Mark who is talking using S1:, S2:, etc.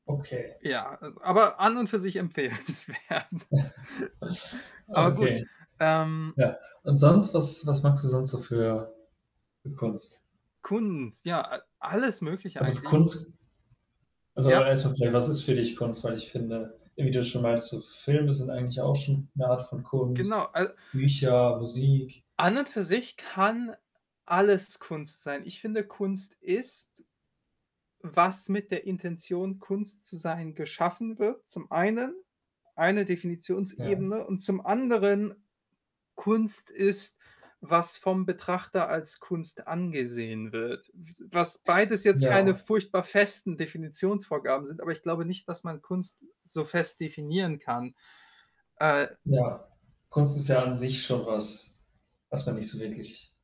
S1: Okay.
S2: Ja, äh, aber an und für sich empfehlenswert. Aber gut.
S1: Okay.
S2: Ähm
S1: Ja, und sonst, was was magst du sonst so für für Kunst?
S2: Kunst, ja, äh alles Mögliche
S1: Also
S2: eigentlich.
S1: Kunst also
S2: Ja.
S1: erst mal vielleicht, was ist für dich Kunst? Weil ich finde, wie du schon weißt, so Filme sind eigentlich auch schon 'ne Art von
S2: Genau,
S1: Kunst,
S2: äh
S1: Bücher, Musik.
S2: an und für sich kann alles Kunst sein. Ich finde, Kunst ist, was mit der Intention, Kunst zu sein, geschaffen wird, zum Einen eine
S1: Ja.
S2: Definitionsebene, und zum Anderen, Kunst ist, was vom Betrachter als Kunst angesehen wird. W was beides jetzt keine
S1: Ja.
S2: furchtbar festen Definitionsvorgaben sind, aber ich glaube nicht, dass man Kunst so fest definieren kann. Äh
S1: Ja. Kunst ist ja an sich schon was, was man nicht so wirklich